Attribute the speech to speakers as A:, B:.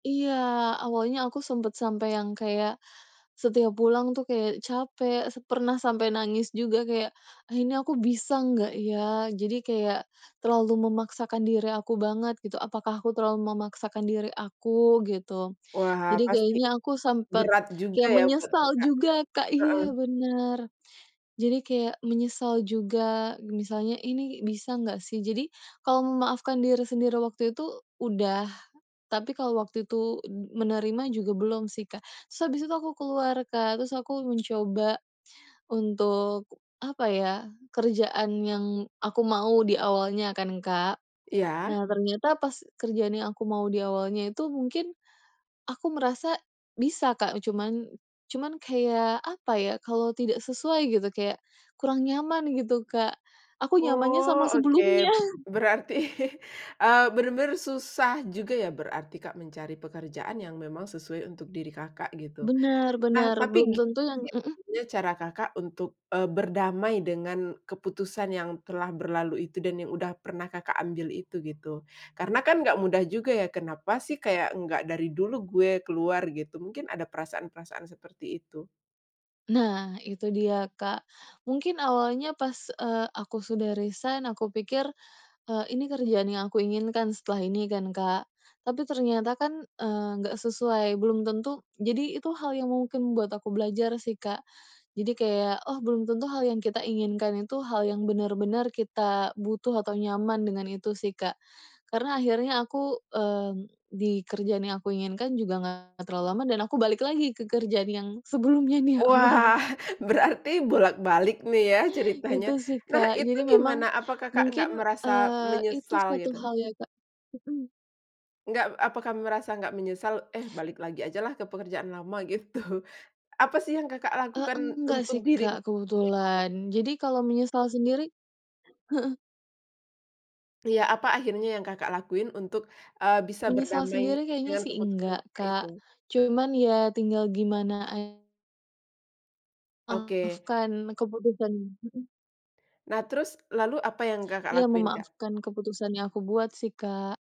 A: Iya, awalnya aku sempet sampai yang kayak setiap pulang tuh kayak capek, se pernah sampai nangis juga kayak, "Ah, ini aku bisa nggak, ya?", jadi kayak terlalu memaksakan diri aku banget, gitu. "Apakah aku terlalu memaksakan diri aku?", gitu.
B: Wah,
A: Jadi
B: pasti
A: kayaknya aku sempet
B: berat juga
A: kayak
B: ya buat
A: menyesal
B: Kakak,
A: juga, Kak.
B: heeh.
A: Iya, bener. Jadi kayak menyesal juga, misalnya, "Ini bisa nggak sih?". Jadi kalau memaafkan diri sendiri waktu itu udah, tapi kalau waktu itu m menerima juga belum sih, Kak. Terus abis itu aku keluar, Kak, terus aku mencoba untuk, apa ya, kerjaan yang aku mau di awalnya kan, Kak.
B: Iya.
A: Nah, ternyata pas kerjaan yang aku mau di awalnya itu mungkin aku merasa bisa, Kak, cuman cuman kayak, apa ya, kalau tidak sesuai gitu kayak kurang nyaman, gitu, Kak. Aku nyamannya
B: Oh,
A: sama
B: oke.
A: sebelumnya.
B: Berarti, eee, benar-benar susah juga ya, berarti, Kak, mencari pekerjaan yang memang sesuai untuk diri Kakak, gitu.
A: Benar
B: Nah,
A: benar belum
B: tapi
A: tentu
B: gimana
A: yang
B: sih
A: heeh?
B: akhirnya cara Kakak untuk, eee, berdamai dengan keputusan yang telah berlalu itu dan yang udah pernah Kakak ambil itu, gitu? Karena kan nggak mudah juga ya, "Kenapa sih nggak kayak dari dulu gue keluar", gitu, mungkin ada perasaan-perasaan seperti itu?
A: Nah, itu dia, Kak, mungkin awalnya, pas, eee, aku sudah resign aku pikir, eee, ini kerjaan yang aku inginkan setelah ini kan, Kak. Tapi ternyata kan, eee, enggak sesuai, belum tentu jadi itu hal yang mungkin membuat aku belajar sih, Kak, jadi kayak, "Oh, belum tentu hal yang kita inginkan itu hal yang benar-benar kita butuh atau nyaman", dengan itu sih, Kak, karena akhirnya aku, mmm, di kerjaan yang aku inginkan juga nggak terlalu lama dan aku balik lagi ke kerjaan yang sebelumnya di
B: Wah,
A: awal.
B: berarti bolak-balik nih ya ceritanya. Nah, itu gimana, apa Kakak nggak merasa menyesal, gitu? Nggak apakah merasa nggak menyesal, "Eh, balik lagi aja lah ke pekerjaan lama", gitu. Apa sih yang Kakak
A: E
B: lakukan
A: enggak
B: untuk
A: sih,
B: diri?
A: Kak.
B: [unintelligible]
A: Kebetulan. Jadi kalau menyesal sendiri heeh.
B: Iya, apa akhirnya yang Kakak lakuin untuk, eee, bisa
A: Menyesal
B: berdamai
A: sendiri kayaknya
B: dengan
A: sih
B: keputusan
A: enggak,
B: Kakak itu?
A: Kak. Cuman ya tinggal gimana a
B: Oke.
A: memaafkan keputusan mhm.
B: Nah, terus lalu apa yang Kakak
A: Iya,
B: lakuin, Kak?
A: memaafkan keputusan yang aku buat sih, Kak.